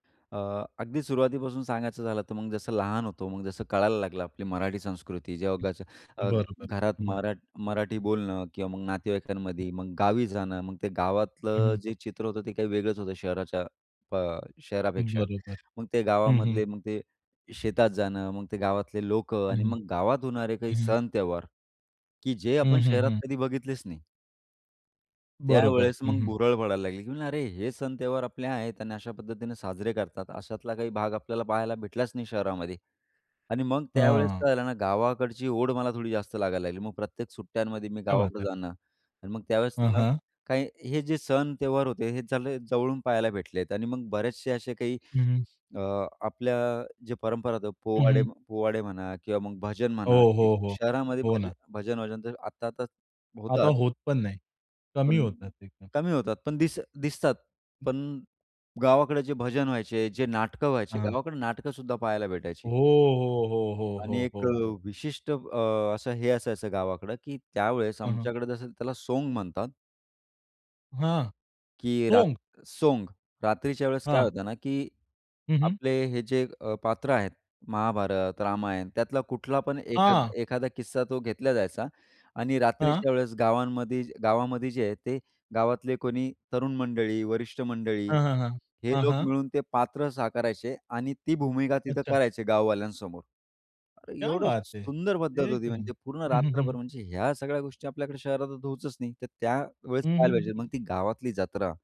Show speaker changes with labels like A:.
A: अ, अगदी सुरुवातीपासून सांगायचं झालं तर मग जसं लहान होतो, मग जसं कळायला लागलं, आपली मराठी संस्कृती, जेव्हा घरच्या अ,
B: बरोबर.
A: घरात
B: हं, हं.
A: मरा मराठी बोलणं किंवा मग नातेवाईकांमध्ये मग गावी जाणं, मग ते
B: हं,
A: गावातलं
B: हं.
A: जे चित्र होतं ते काही वेगळंच होतं शहराच्या अ, शहरापेक्षा.
B: बरोबर.
A: मग ते
B: हं, हं.
A: गावामधले मग ते शेतात जाणं, मग ते गावातले लोकं
B: हं,
A: आणि
B: हं.
A: मग गावात होणारे
B: हं,
A: काही
B: हं.
A: सण त्योहार की जे आपण
B: हं, हं,
A: शहरात
B: हं.
A: कधी बघितलेच नाही.
B: बरोबर.
A: त्यावेळेस
B: हं,
A: मग
B: हं.
A: भुरळ पडायला लागली की म्हणलं अरे, हे सण त्योहार आपले आहेत आणि अशा पद्धतीने साजरे करतात. अशातला काही भाग आपल्याला पाहायला भेटलाच नाही शहरामध्ये आणि मग त्यावेळेस
B: हां.
A: काय झालं ना, गावाकडची ओढ मला थोडी जास्त लागायला लागली. मग प्रत्येक सुट्ट्यांमध्ये मी
B: क्या बात
A: गावाकडं
B: है.
A: जाणं आणि मग त्यावेळेस
B: हां,
A: ना
B: हां.
A: काही हे जे सण त्योहार होते हे चांगले जवळून पहायला भेटलेत आणि मग बरेचसे असे काही
B: हं.
A: अ, आपल्या जे परंपरा होत्या
B: हं,
A: पोवाडे
B: हं.
A: म्हण पोवाडे म्हणा किंवा मग भजन
B: हो,
A: म्हणा की
B: हो, हो,
A: शहरामध्ये
B: हो
A: भज
B: ना.
A: भजन वजन तर आत्ता आता
B: आता
A: होतात.
B: होत पण नाही. कमी
A: पण
B: होतात एकदम.
A: कमी होतात, पण दिस दिसतात. पण गावाकडे जे भजन व्हायचे, जे नाटकं व्हायचे,
B: हां.
A: गावाकडे नाटकंसुद्धा पहायला
B: हो,
A: भेटायची.
B: हो, हो, हो,
A: आणि
B: हो,
A: एक अ,
B: हो, हो.
A: विशिष्ट अ, असं हे असायचं गावाकडं की त्यावेळेस
B: हां, हां.
A: आमच्याकडे जसं त्याला सोंग म्हणतात.
B: हां,
A: की रात
B: सोंग.
A: सोंग, रात्रीच्या वेळेस काय
B: हां.
A: होतं ना, की
B: हं, हं.
A: आपले हे जे अ, पात्र आहेत महाभारत, रामायण त्यातला कुठला पण एखाद
B: हां.
A: एखादा किस्सा तो घेतला जायचा आणि
B: हां.
A: रात्रीच्या वेळेस गावांमध्ये गावामध्ये जे आहे ते गावातले कोणी तरुण मंडळी, वरिष्ठ मंडळी
B: हां, हां, हां,
A: हे
B: हां,
A: लोक
B: हां.
A: मिळून ते पात्र साकारायचे आणि ती भूमिका तिथं
B: अच्छा.
A: करायचे गाववाल्यांसमोर. अरे,
B: क्या
A: एवढं
B: बात है.
A: सुंदर पद्धत
B: एक
A: होती.
B: नंब
A: म्हणजे पूर्ण
B: हं, हं,
A: रात्रभर
B: हं.
A: म्हणजे ह्या सगळ्या गोष्टी आपल्याकडे शहरात तर होतच नाही. तर त्यावेळेस
B: हं, हं,
A: पहायला
B: हं,
A: पाहिजे मग
B: हं.
A: ती गावातली जत्रा.